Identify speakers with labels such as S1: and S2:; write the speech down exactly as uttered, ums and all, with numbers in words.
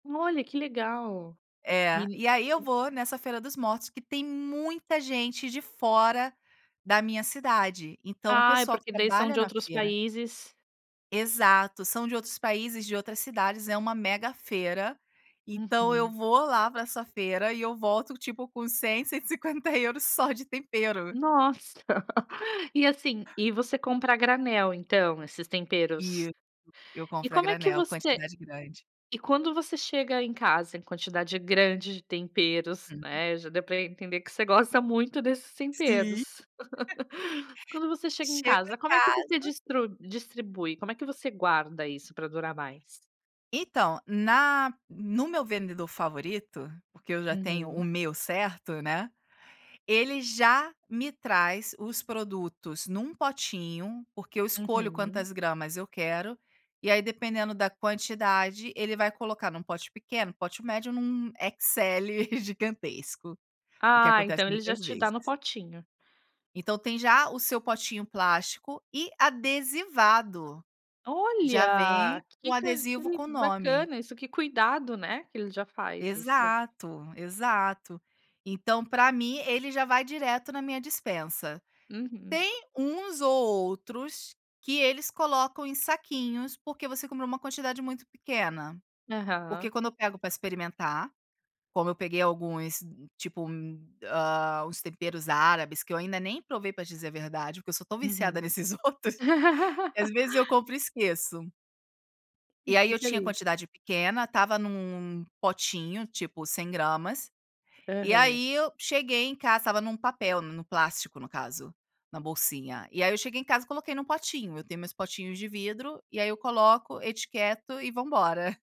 S1: Olha, que legal.
S2: É.
S1: E
S2: E aí eu vou nessa feira dos mortos que tem muita gente de fora da minha cidade, então o
S1: Ah, é
S2: pessoal que
S1: porque daí são
S2: trabalha
S1: de
S2: na
S1: outros
S2: feira
S1: países
S2: Exato. São de outros países, de outras cidades, é uma mega feira. Então eu
S1: Uhum.
S2: vou lá pra essa feira e eu volto, tipo, com cem, cento e cinquenta euros só de tempero.
S1: Nossa. E, assim, e você compra a granel então esses temperos?
S2: Isso. Eu
S1: E
S2: compro a
S1: como é que
S2: granel,
S1: você
S2: quantidade grande.
S1: e quando você chega em casa em quantidade grande de temperos,
S2: Uhum.
S1: né, já deu pra entender que você gosta muito desses
S2: Sim.
S1: temperos. Quando você chega em
S2: Chego
S1: casa,
S2: em
S1: como é que você
S2: casa
S1: distri distribui, como é que você guarda isso pra durar mais?
S2: Então, na no meu vendedor favorito, porque eu já tenho o
S1: Uhum.
S2: meu certo, né, ele já me traz os produtos num potinho. Porque eu escolho
S1: Uhum.
S2: quantas gramas eu quero e aí dependendo da quantidade, ele vai colocar num pote pequeno, pote médio, num XL gigantesco. O que
S1: Ah,
S2: acontece
S1: então ele já
S2: muitas
S1: te dá no
S2: vezes.
S1: potinho.
S2: Então tem já o seu potinho plástico e adesivado. Já
S1: Olha,
S2: vem o
S1: que c que
S2: adesivo
S1: le
S2: com o nome.
S1: bacana isso. Que cuidado, né, que ele já faz isso.
S2: Exato, exato. Então pra mim ele já vai direto na minha dispensa.
S1: Uhum.
S2: Tem uns ou outros que eles colocam em saquinhos, porque você comprou uma quantidade muito pequena. Porque
S1: Aham.
S2: quando eu pego pra experimentar, como eu peguei alguns, tipo, ah, uns temperos árabes que eu ainda nem provei pra dizer a verdade, porque eu só estou viciada
S1: Uhum.
S2: nesses outros, que às vezes eu compro e esqueço.
S1: E
S2: E aí eu
S1: fica
S2: tinha
S1: ali?
S2: quantidade pequena, estava num num potinho, tipo, cem gramas, e
S1: Aham.
S2: aí eu cheguei em casa estava num papel, no plástico, no caso, na bolsinha, e aí eu cheguei em casa e coloquei num potinho. Eu tenho meus potinhos de vidro e aí eu coloco, etiqueto e vambora.